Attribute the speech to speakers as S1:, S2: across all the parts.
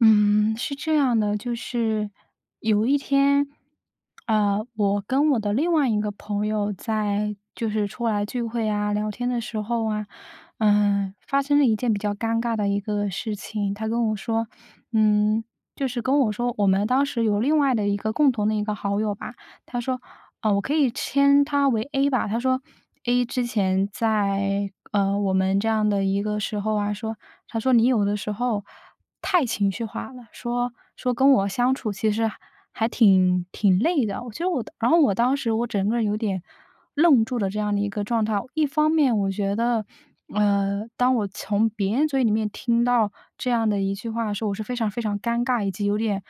S1: 嗯，是这样的，就是有一天，呃，我跟我的另外一个朋友在就是出来聚会啊、聊天的时候啊，呃，发生了一件比较尴尬的一个事情。他跟我说，嗯，就是跟我说我们当时有另外的一个共同的一个好友吧，他说呃，我可以称他为 A 吧。他说：“A 之前在，呃，我们这样的一个时候啊，说他说你有的时候太情绪化了。”说说跟我相处其实还挺挺累的。我觉得我当然后我当时，我整个人有点愣住了这样的一个状态。一方面我觉得，呃，当我从别人嘴里面，听到这样的一句话的时候，我是非常非常尴尬，以及有点，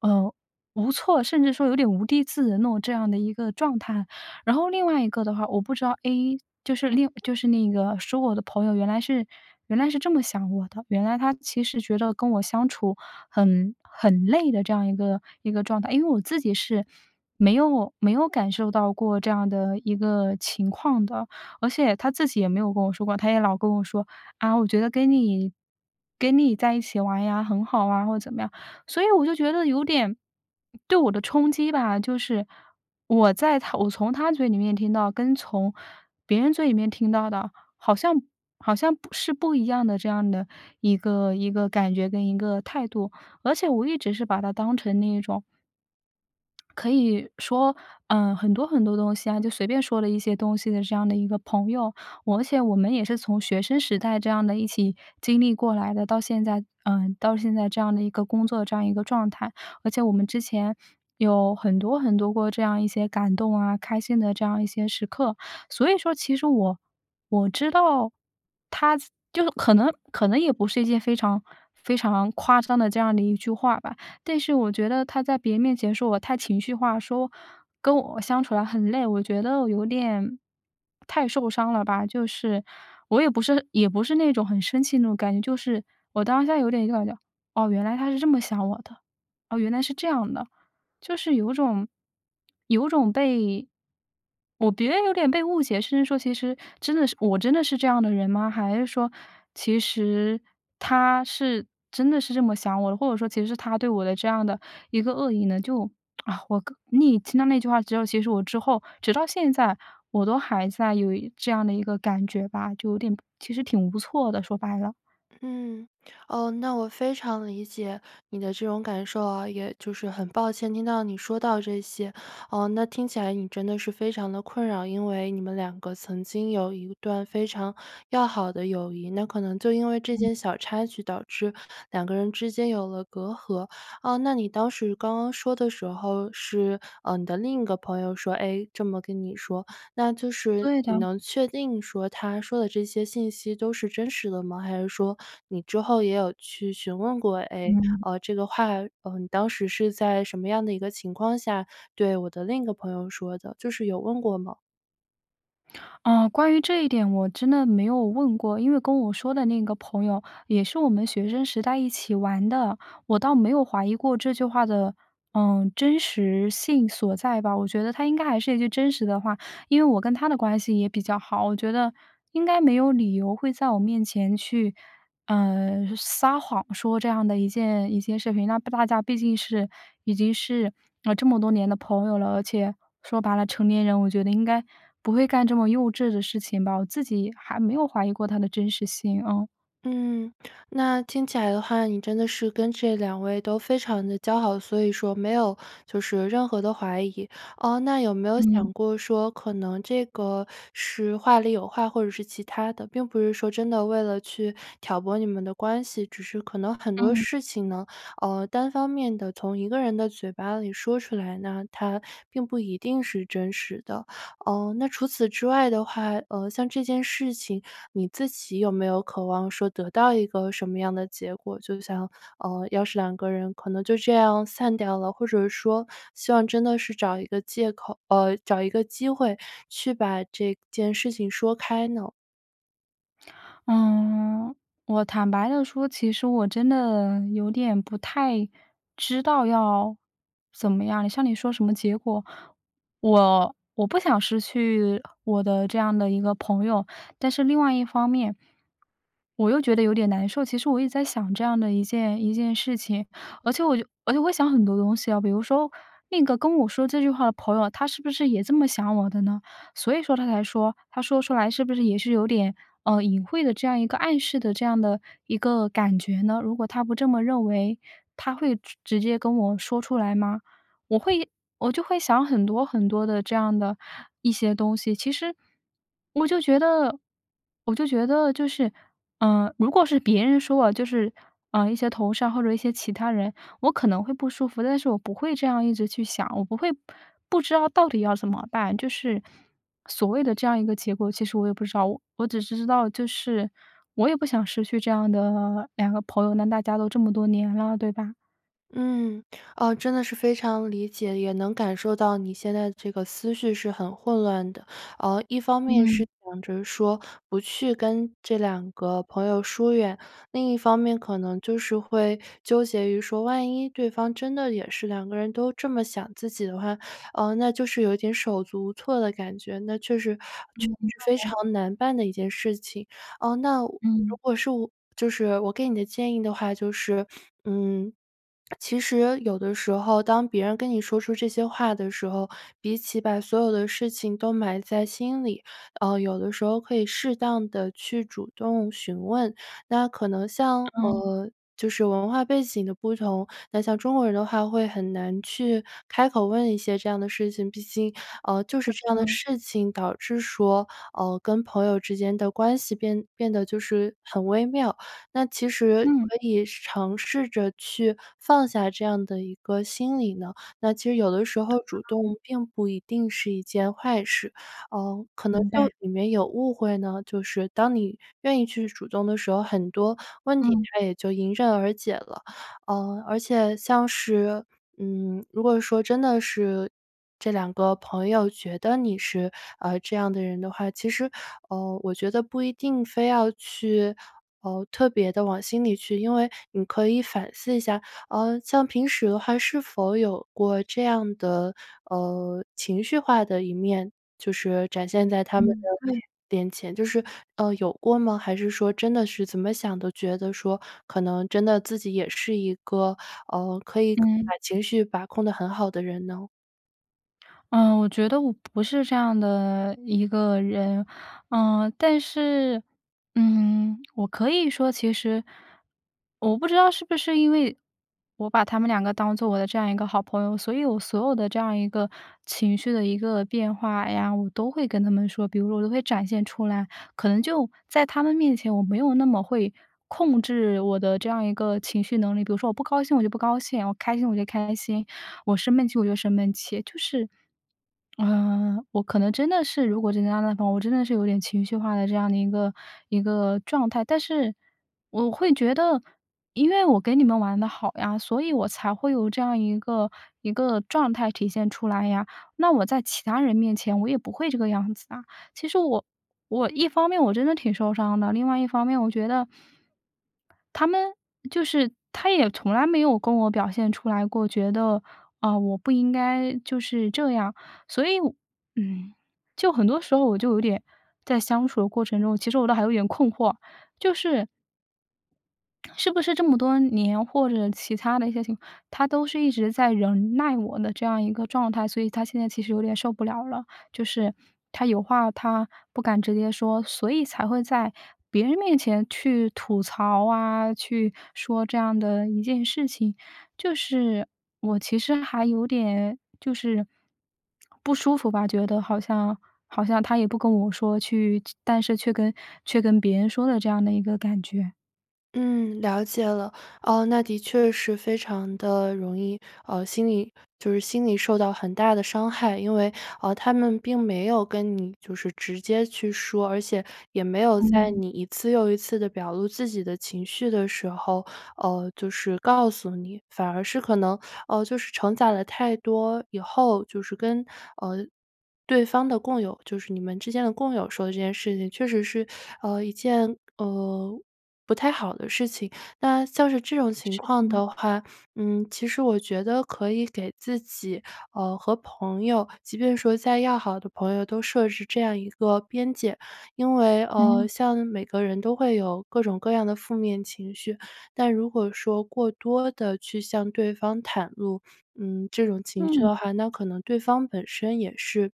S1: 呃，无措，甚至说有点无地自容那种，这样的一个状态。然后另外一个的话，我不知道 A，就是另就是那个说我的朋友原来是原来是这么想我的，原来他其实觉得跟我相处，很很累的这样一个一个状态。因为我自己是没有没有感受到过，这样的一个情况的。而且他自己也没有跟我说过，他也老跟我说：“啊，我觉得跟你跟你在一起玩呀，很好啊。“或者怎么样，所以我就觉得有点，对我的冲击吧，就是我在他我从他嘴里面听到，跟从别人嘴里面听到的，好像好像不是不一样的这样的一个一个感觉跟一个态度。而且我一直是把他当成那一种可以说，呃，很多很多东西啊，就随便说了一些东西的这样的一个朋友。我而且我们也是从学生时代，这样的一起经历过来的到现在呃，到现在这样的一个工作这样一个状态。而且我们之前，有很多很多过这样一些感动啊、开心的这样一些时刻。所以说其实我我知道，他就可能可能也不是一件非常，非常夸张的这样的一句话吧。但是我觉得他在别人面前，说我太情绪化，说跟我相处得很累，我觉得我有点太受伤了吧。就是我也不是也不是那种很生气的那种感觉，就是我当下有点就感觉：“哦，原来他是这么想我的，哦，原来是这样的。”就是有种，有种被我觉得有点被误解，甚至说其实，真的是我真的是这样的人吗？还是说，其实他是真的是这么想我的，或者说其实他对我的这样的一个恶意呢，就 啊我个你听到那句话之后，其实我之后，直到现在我都还在有一这样的一个感觉吧，就有点不其实挺无措的，说白了。
S2: 嗯，哦，那我非常理解你的这种感受啊，也就是很抱歉听到你说到这些。呃，那听起来你真的是非常得困扰，因为你们2个曾经有一段非常要好的友谊，那可能就因为这
S1: 嗯。
S2: 件小插曲，导致2个人之间有了隔阂。呃，那你当时，刚刚说的时候，是，呃，你的另一个朋友说，哎，这么跟你说，那就是
S1: 对
S2: 你
S1: 的。
S2: 能确定说，他说的这些信息都是真实的吗？还是说，你之后也有去询问过：“哎，
S1: 嗯。
S2: 呃，这个话，呃，你当时是在什么样的一个情况下，对我的另一个朋友说的？”就是有问过吗？
S1: 呃，关于这一点，我真的没有问过。因为跟我说的那个朋友，也是我们学生时代一起玩的，我倒没有怀疑过这句话的，呃，真实性所在吧。我觉得他应该还是一句真实的话。因为我跟他的关系也比较好，我觉得应该没有理由会在我面前去，呃，撒谎说这样的一件一件事情。那不大家毕竟是已经是，呃，这么多年的朋友了，而且说白了，成年人我觉得应该不会干这么幼稚的事情吧。我自己还没有怀疑过它的真实性，嗯。
S2: 嗯，那听起来的话，你真的是跟这2位都非常地交好，所以说没有就是任何的怀疑。呃，那有没有
S1: 嗯。
S2: 想过说，可能这个是话里有话，或者是其他的？并不是说真的为了去挑拨你们的关系，只是可能很多
S1: 嗯。
S2: 事情呢，呃，单方面地从1个人的嘴巴里说出来呢，它并不一定是真实的。呃，那除此之外的话，呃，像这件事情你自己有没有渴望说得到一个什么样的结果？就像，呃，要是2个人可能就这样散掉了？或者说希望真的是找一个借口呃，找一个机会，去把这件事情说开呢？
S1: 嗯。我坦白地说，其实我真的有点不太知道要怎么样。像你说什么结果，我我不想失去我的这样的一个朋友。但是另外一方面，我又觉得有点难受，其实我一直在想这样的一件一件事情。而且我就而且我会想很多东西啊。比如说，那个跟我说这句话的朋友啊，他是不是也这么想我的呢？所以说他才说他说出来是不是也是有点，呃，隐晦的这样一个暗示的这样的一个感觉呢？如果他不这么认为，他会直直接跟我说出来吗？我会我就会想很多很多的这样的一些东西。其实，我就觉得我就觉得就是，呃，如果是别人说我，就是，呃，一些同事啊，或者一些其他人，我可能会不舒服，但我不会这样一直去想，我不会，不不知道到底要怎么办。就是所谓的这样一个结果，其实我也不知道。我只是知道，就是我也不想失去这样的2个朋友，那大家都这么多年了，对吧？
S2: 嗯，哦，真的是非常理解，也能感受到你现在的这个思绪是很混乱的。呃，一方面是
S1: 嗯。
S2: 想着说，不去跟这2个朋友疏远；另一方面可能就是会纠结于说万一对方真的也是2个人都这么想自己的话，呃，那就是有一点手足无措的感觉。那确实确实非常
S1: [unintelligible]
S2: 难办的一件事情。呃，那我如
S1: 嗯。
S2: 果是我就是我给你的建议的话就是 嗯，其实有的时候，当别人跟你说出这些话的时候，比起把所有的事情都埋在心里，呃，有的时候可以适当地去主动询问。那可能像，
S1: 哦。
S2: 呃，就是文化背景的不同。那像中国人的话，会很难去开口问一些这样的事情。毕竟，呃，就
S1: 对
S2: 是这样的
S1: 的。
S2: 事情，导致说，呃，跟朋友之间的关系变变得就是很微妙。那其实
S1: 嗯。
S2: 可以试尝试着去放下这样的一个心理呢？那其实有的时候主
S1: [unintelligible]
S2: 动并不一定是一件坏事。呃，可能
S1: 明白。
S2: 就里面有误会呢？就是当你愿意去主动的时候，很多问题
S1: 嗯。
S2: 它也就迎刃而解了。呃，而且像是，嗯，如果说真的是这2个朋友觉得你是，呃，这样的人的话，其实，呃，我觉得不一定非要去，呃，特别地往心里去。因为你可以反思一下，呃，像平时的话是否有过这样的，呃，情绪化的一面？就是展现在他们的
S1: 嗯，对。
S2: 面前，就是，呃，有过吗？还是说真的是怎么想都觉得说，可能真的自己也是一个，呃，可以可
S1: 嗯。
S2: 把情绪把控得很好的人呢？
S1: 嗯，我觉得我不是这样的一个人。嗯，但是，嗯，我可以说其实我不知道是不是因为我把他们2个当做我的这样一个好朋友，所以我所有的这样一个情绪的一个变化呀，我都会跟他们说，比如说我都会展现出来。可能就在他们面前，我没有那么会控制我的这样一个情绪能力。比如说我不高兴，我就不高兴；我开心，我就开心；我生闷气，我就生闷气。就是，呃，我可能真的是，如果这个样子的话，我真的是有点情绪化的这样的一个一个状态。但是我会觉得-因为我跟你们玩得好呀，所以我才会有这样一个一个状态体现出来呀。那我在其他人面前我也不会这个样子啊。其实我我一方面我真的挺受伤的。另外一方面，我觉得他们就是他也从来没有跟我表现出来过，觉得，啊，我不应该就是这样。所以我嗯，就很多时候我就有点在相处的过程中，其实我倒还有点困惑，就是是不是这么多年，或者其他的一些情他都是一直在忍耐我的这样一个状态，所以他现在其实有点受不了了。就是，他有话他不敢直接说，所以才会在别人面前去吐槽啊，去说这样的一件事情。就是我其实还有点就是 不舒服吧，觉得好像好像他也不跟我说去就但是却跟却跟别人说的这样的一个感觉。
S2: 嗯，了解了。呃，那的确是非常地容易，呃，心理就是心理受到很大的伤害。因为，呃，他们并没有跟你就是直接去说，而且也没有在
S1: 嗯。
S2: 你一次又一次地表露自己的情绪的时候，呃，就是告诉你。反而是可能，呃，就是承载了太多以后，就是跟呃，对方的共友-就是你们之间的共友说了这件事情，确实是，呃，一件，呃，不太好的事情。那像是这种情
S1: 是的
S2: 况
S1: 呢。
S2: 的话，嗯，其实我觉得可以给自己，呃，和朋友，即便说再要好的朋友，都设置这样一个边界。因为呃，
S1: 嗯。
S2: 像每个人都会有各种各样的负面情绪。但如果说过多地去向对方袒露，嗯，这种情绪
S1: 嗯。
S2: 的话，那可能对方本身也是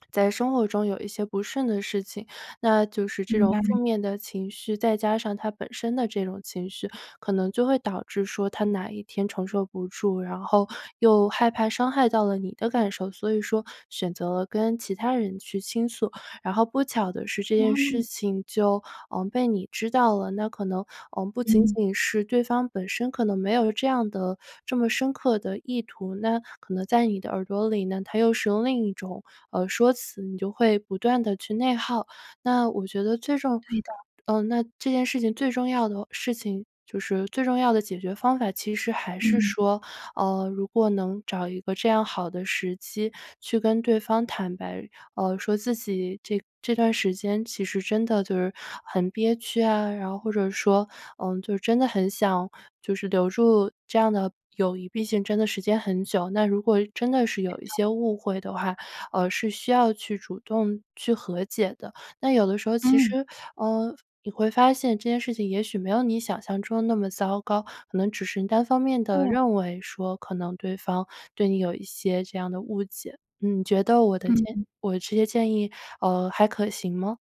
S2: 在生活中有一些不顺的事情。那就是这
S1: 明
S2: 种
S1: 白。
S2: 负面的情绪，再加上他本身的这种情绪，可能就会导致说他哪一天承受不住，然后又害怕伤害到了你的感受，所以说选择跟其他人去倾诉。然后不巧的是这件事
S1: 哦。
S2: 情就，嗯，被你知道了。那可能，嗯，不仅
S1: 嗯。
S2: 仅是对方本身可能没有这样的这么深刻的意图，那可能在你的耳朵里呢，它又是用另一种，呃，说辞，你就会不断地去内耗。那我觉得最 重
S1: 对的。
S2: 呃，那这件事情最重要的事情就是最重要的解决方法，其实还是
S1: 嗯。
S2: 说，呃，如果能找一个这样好的时机，去跟对方坦白，呃，说自己这这段时间其实真的就是很憋屈啊。然后或者说，呃，就真的很想就是留住这样的友谊，毕竟真的时间很久。那如果真的是
S1: 对
S2: 有一
S1: 的。
S2: 些误会的话，呃，是需要去主动去和解的。那有的时候其
S1: 嗯。
S2: 实，呃，你会发现，这件事情也许没有你想象中的那么糟糕，可能只是单方面地
S1: 对。
S2: 认为说，可能对方对你有一些这样的误解。你觉得我的建
S1: 嗯。
S2: 我这些建议，呃，还可行吗？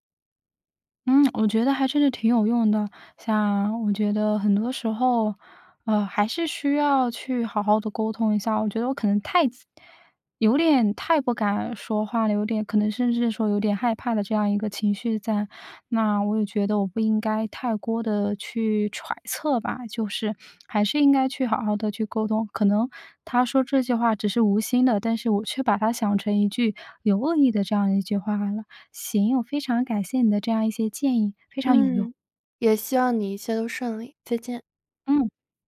S1: 嗯，我觉得还真是挺有用的。像我觉得很多时候，呃，还是需要去好好地沟通一下。我觉得我可能太有点太不敢说话了有点，可能甚至是说有点害怕的这样一个情绪在。那我也觉得我不应该太多地去揣测吧。就是，还是应该去好好地去沟通。可能他说这句话只是无心的，但是我却把它想成一句有恶意的这样的一句话来了。行，我非常感谢你的这样一些建议，非常有用。
S2: 嗯，也希望你一切都顺利，再见。
S1: 嗯。